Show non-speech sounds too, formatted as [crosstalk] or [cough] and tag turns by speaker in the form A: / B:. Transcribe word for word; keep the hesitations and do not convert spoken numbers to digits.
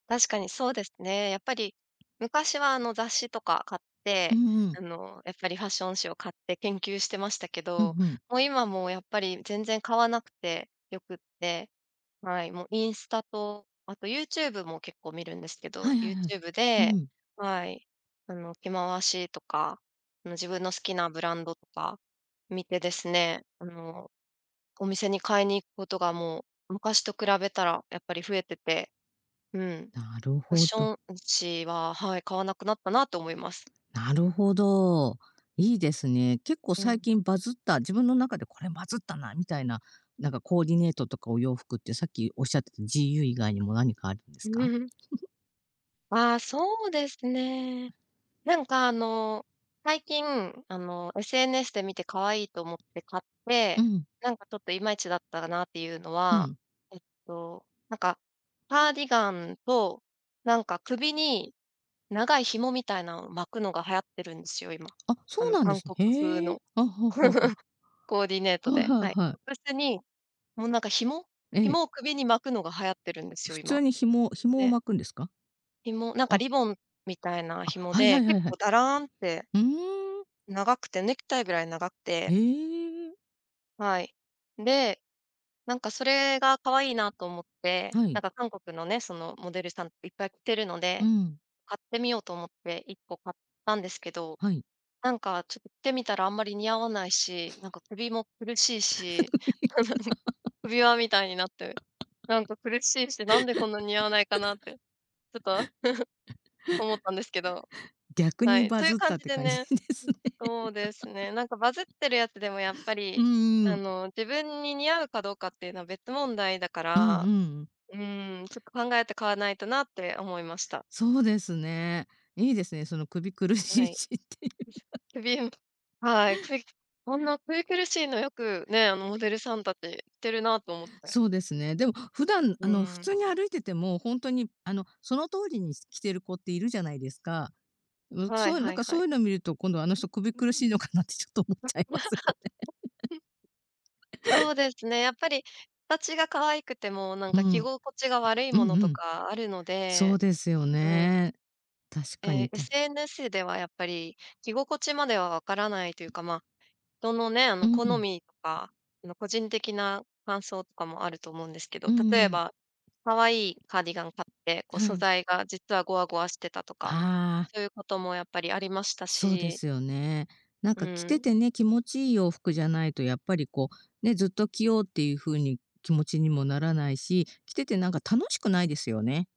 A: 確かにそうですね。やっぱり昔はあの雑誌とか買っ
B: う
A: て、
B: んうん。
A: あのやっぱりファッション誌を買って研究してましたけ
B: うん
A: ど、
B: うん。
A: もう今もやっぱり全然買わなくてよくって、はい、もうインスタとあと YouTube も結構見るんですけ
B: は
A: ど、
B: いはいはい、
A: YouTube
B: う
A: で、
B: ん。
A: はい、あの着回しとかあの自分の好きなブランドとか見てですね、あのお店に買いに行くことがもう昔と比べたらやっぱり増えてて、うん。
B: なる
A: ファッ
B: ほ
A: シ
B: ど。
A: ョン誌は、はい、買わなくなったなと思います。
B: なるほど。いいですね。結構
A: う
B: 最
A: ん。
B: 近バズった、自分の中でこれバズったなみたいな、なんかコーディネートとかお洋服って、さっきおっしゃってた、GU 以外にも何かあるんですか？
A: [chuckles]
B: [chuckles]
A: ああ、そうですね。なんかあの最近あの SNS で見て可愛いと思って買って、
B: うん。
A: なんかちょっといまいちだったなっていうの
B: う
A: は、
B: ん。
A: えっと、なんかカーディガンと、なんか首に長い紐みたいなのを巻くのが流行ってるんですよ、今、
B: あ、
A: あ
B: そう
A: の
B: なんで
A: 韓
B: すね。
A: 国風
B: へえ。
A: の、
B: あ、はあはあはあ。
A: [chuckles] コーディネート
B: はい
A: で。
B: はい
A: はい。
B: はい。
A: トップスにもうなんか紐
B: ええ。
A: 紐を首に巻くのが流行っているんですよ、
B: 普
A: 今。
B: 通に紐紐を
A: で
B: 巻くんですか？
A: 紐、なんか
B: あ。
A: リボンみたいな
B: あ、
A: 紐
B: はいは
A: で、
B: いは
A: 結
B: いは
A: 構
B: い。
A: だらんって
B: ふーん。
A: 長くてネクタイぐらい長くて。
B: ええ。
A: はい。で、なんかそれが可愛いなと思って、
B: は
A: な
B: い。
A: んか韓国のね、そのモデルさんいっぱい着てるの
B: う
A: で、
B: ん。
A: 買ってみようと思っていっこ買ったんですけど、
B: はい。
A: なんかちょってみたらあんまり似合わないし、なんか
B: [chuckles]
A: 首も苦しいし、
B: [laughs]
A: [chuckles] 首輪みたいになって、なんか苦しいし、なんでこんなに似合わないかなって、ちょっと [chuckles] 思ったんですけど。
B: 逆
A: は
B: に
A: い、
B: バ
A: そういう
B: ズっ
A: 感
B: たっ
A: じ
B: て
A: で
B: 感じ
A: ね。
B: ですね。[chuckles]
A: そうですね、なんかバズってるやつでもやっぱ
B: う
A: り、
B: ー
A: あ
B: ん。
A: の自分に似合うかどうかっていうのは別問題だか
B: うんう
A: ら、
B: ん。
A: うん、ちょっと考えて買わないとなって思いました。
B: そうですね。いいですね、その首苦し
A: は
B: い
A: い。よ
B: しってい
A: いし
B: う。
A: ょ。くびうはい、くいこんな首苦しいのよく、ね、あのモデルさん達着てるなと思って。
B: そうですね。でも普段あ
A: う
B: の普
A: ん。
B: 通に歩いてても、ほんとにあのその通りに着てる子っているじゃないですか？うん、
A: はい
B: そういう、なん
A: はい
B: か
A: は
B: そうい
A: い。
B: うの見ると、今度あの人、首苦しいのかなってちょっと思っちゃいますよね。
A: [chuckles] そうですね、やっぱ
B: [laughs]
A: り形が可愛くても、なん
B: う
A: か着
B: ん。
A: 心地が悪い
B: う
A: も
B: ん
A: の
B: う
A: と
B: ん。
A: かあるの
B: そう
A: で
B: ですよ
A: うん。
B: ね。確か
A: ええ、
B: にた
A: SNS ではやっぱり着心地まではわからないというかま、人のね、あ
B: う
A: の好
B: ん。
A: みとかあの個人的な感想とかもあると思うんですけ
B: う
A: ど、
B: ん
A: 例え
B: うん。
A: ばかわいいカーディガン買ってこう
B: は
A: 素
B: い。
A: 材が実はゴワゴワしてたとか、
B: ああ。
A: そういうこともやっぱりありました
B: そうで
A: し。
B: すよね。なん
A: う
B: か着て
A: ん。
B: てね、気持ちいい洋服じゃないとやっぱりこう、ね、ずっと着ようっていう風に気持ちにもならないし、着ててなんか楽しくないですよね。